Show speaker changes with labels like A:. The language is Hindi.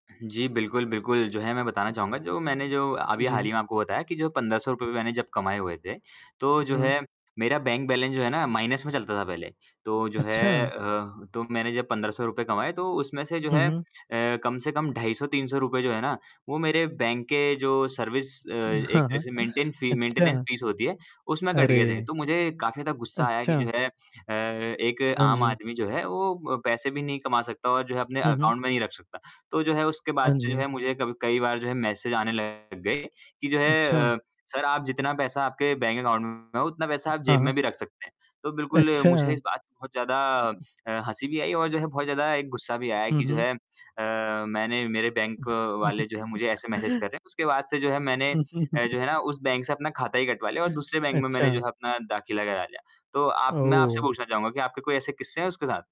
A: जी, बिल्कुल, बिल्कुल जो है मैं बताना चाहूँगा जो मैंने जो अभी हाल
B: जी।
A: ही में आपको बताया कि जो ₹1500 मैंने जब कमाए हुए थे, तो
B: हुँ,
A: जो
B: हुँ।
A: है मेरा बैंक बैलेंस जो है ना माइनस में चलता था पहले। तो जो है
B: अच्छा।
A: अ, तो मैंने जब ₹1500 कमाए तो उसमें से जो
B: हुँ,
A: है अ,
B: हुँ।
A: कम से कम ₹250-₹300 जो है ना, वो मेरे बैंक के जो सर्विस अ, एक
B: हाँ, हाँ।
A: जैसे मेंटेन फी मेंटेनेंस
B: अच्छा।
A: फीस होती है उसमें कट गए थे।
B: अरे!
A: तो मुझे काफ़ी ज़्यादा गुस्सा आया कि जो
B: अच्छा।
A: है अ, एक
B: हाँ
A: आम
B: जी।
A: आदमी जो है वो व पैसे भी नहीं कमा सकता और जो है अपने
B: हुँ, हुँ।
A: अकाउंट में नहीं रख सकता। तो जो है उसके
B: हाँ
A: बाद से जो
B: जी।
A: है मुझे क कई बार जो है मैसेज आने लग गए कि जो
B: अच्छा।
A: है अ, सर आप जितना पैसा आपके बैंक अकाउंट में है, उतना पैसा आप
B: हाँ,
A: जेब
B: हाँ।
A: में भी रख सकते हैं। तो बिल्कुल मुझे
B: अच्छा।
A: इस बात पर बहुत ज़्यादा अ, हँसी भी आई और जो है बहुत ज़्यादा एक गुस्सा भी आया
B: हुँ,
A: कि जो
B: हुँ।
A: है अ, मैंने मेरे बैंक वाले जो है मुझे ऐसे मैसेज कर रहे हैं। उसके बाद से जो है मैंने अ, जो है ना उस बैंक से अपना खाता ही कटवा लिया और दूसरे बैंक में मैंने जो
B: अच्छा।
A: है अपना दाखिला करा लिया। तो आप मैं आपसे
B: ओह!
A: पूछना चाहूँगा कि आपके कोई ऐसे किस्से हैं उसके साथ?